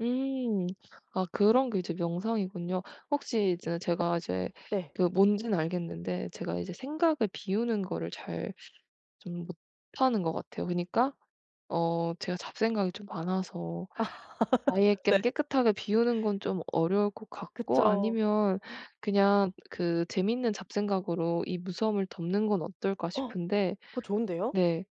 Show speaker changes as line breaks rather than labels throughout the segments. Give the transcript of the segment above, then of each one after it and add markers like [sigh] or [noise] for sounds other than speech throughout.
음. 아 그런 게 이제 명상이군요. 혹시 이제 제가 이제
네.
그 뭔지는 알겠는데 제가 이제 생각을 비우는 거를 잘 좀 못하는 것 같아요. 그니까 어 제가 잡생각이 좀 많아서 아예
[laughs] 네.
그냥 깨끗하게 비우는 건 좀 어려울 것 같고
그쵸.
아니면 그냥 그 ‘재밌는 잡생각으로 이 무서움을 덮는 건 어떨까.‘
어.
싶은데
그거 좋은데요?
네.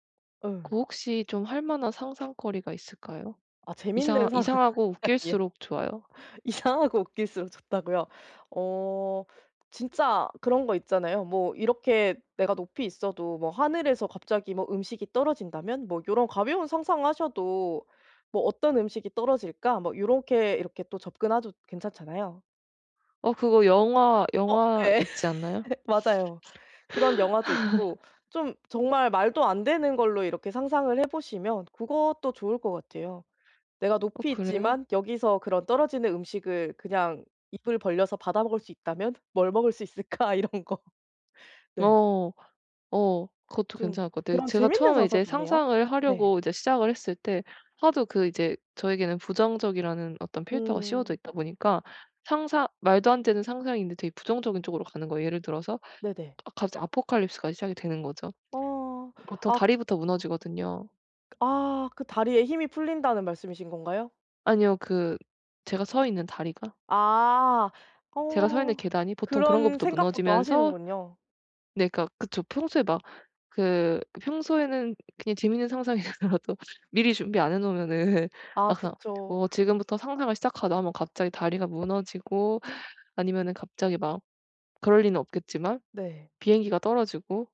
예.
그 혹시 좀 할 만한 상상거리가 있을까요?
아
이상하
재밌는
이상하고
상상이요.
웃길수록 좋아요.
이상 하고 웃길수록 좋다고요. 어 진짜 그런 거 있잖아요. 뭐 이렇게 ’내가 높이 있어도 뭐 하늘에서 갑자기 뭐 음식이 떨어진다면?‘ 뭐 요런 가벼운 상상을 하셔도 ‘뭐 어떤 음식이 떨어질까?‘ 뭐 요렇게 이렇게 또 접근하도 괜찮잖아요.
어 그거 영화,
어
영화
네.
있지 않나요?
맞아요. 그런 영화도 있고
[laughs]
좀 정말 말도 안 되는 걸로 이렇게 상상을 해 보시면 그것도 좋을 것 같아요. ‘내가
어
높이
그래요?
있지만 여기서 그런 떨어지는 음식을 그냥 입을 벌려서 받아먹을 수 있다면 뭘 먹을 수 있을까?‘ 이런 거. 네.
어. 어 그것도
좀
괜찮을 것 같아요.
그런
제가
재밌는
처음에
상상
이제
좋네요.
상상을
네.
하려고 이제 시작을 했을 때 하도 그 이제 저에게는 부정적이라는 어떤 필터가 씌워져
음.
있다 보니까 상상 말도 안 되는 상상인데 되게 부정적인 쪽으로 가는 거예요. 예를 들어서
네네.
아 갑자기 아포칼립스가 시작이 되는 거죠.
어.
보통
악
다리부터 무너지거든요.
아. 그 “다리에 힘이 풀린다.“는 말씀이신 건가요?
아니요. 그 제가 서 있는 다리가.
아.
제가 서 있는
어.
계단이 보통 그런
그런
것부터
생각부터
무너지면서
하시는군요.
네 그러니까 그쵸. 평소에 막 그 평소에는 그냥 재밌는 상상이더라도 미리 준비 안 해 놓으면은
아
막상
그쵸.
뭐 지금부터 ‘상상을 시작하자.‘ 하면 갑자기 다리가 무너지고 아니면은 갑자기 막 그럴 리는 없겠지만
네.
비행기가 떨어지고